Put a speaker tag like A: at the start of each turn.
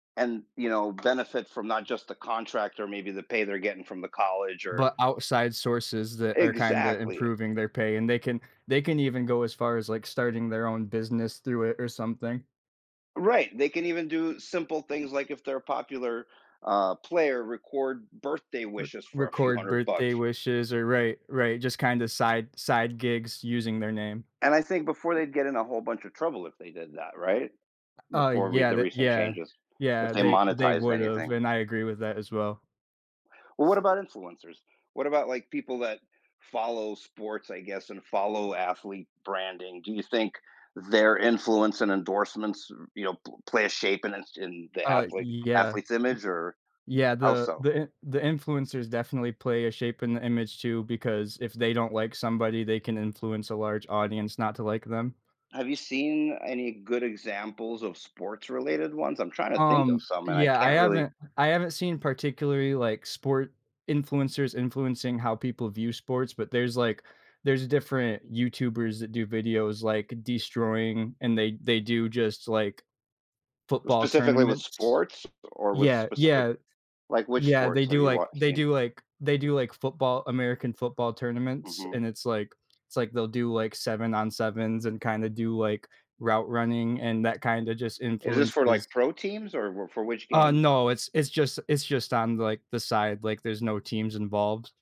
A: And, you know, benefit from not just the contract or maybe the pay they're getting from the college or
B: But outside sources that are kinda
A: Exactly.
B: improving their pay, and they can they can even go as far as, like, starting their own business through it or something.
A: Right. They can even do simple things like if they're a popular, uh, player record birthday
B: Re
A: wishes for a few
B: record
A: hundred
B: birthday
A: bucks.
B: wishes or Right, right, just kinda side side gigs using their name.
A: And I think before they'd get in a whole bunch of trouble if they did that, right,
B: U uh,
A: before re
B: yeah
A: the
B: that
A: recent
B: yeah,
A: changes, if
B: yeah.
A: they
B: They they
A: monetized
B: would have,
A: anything.
B: and I agree with that as well.
A: Well, what about influencers? What about, like, people that follow sports, I guess, and follow athlete branding? Do you think their influence and endorsements, y you know, p play a shape in s in the
B: Uh,
A: athlete
B: yeah. Y
A: athlete's image, or
B: yeah.
A: how
B: The
A: so?
B: the in the influencers definitely play a shape in the image too because if they don't like somebody, they can influence a large audience not to like them.
A: Have you seen any good examples of sports related ones? I'm tryna think of
B: Um,
A: some, and I
B: yeah, I
A: can't really
B: haven't I haven't seen particularly, like, sport influencers influencing how people view sports, but there's, like there's different YouTubers that do videos like destroying and they they do just, like, football
A: Specifically with
B: tournaments.
A: sports or with
B: Yeah,
A: specific
B: yeah.
A: like, which
B: Yeah, they
A: sports have
B: do
A: you
B: like
A: watch
B: they
A: seen?
B: do like they do like football, American football tournaments
A: Mhm.
B: and it's like it's like they'll do, like, 7 on sevens and kind of do, like, route running and that kinda just
A: Is this for,
B: influences
A: like, pro teams or wh for which
B: Uh,
A: games?
B: no. It's it's just it's just on, like, the side, like, there's no teams involved.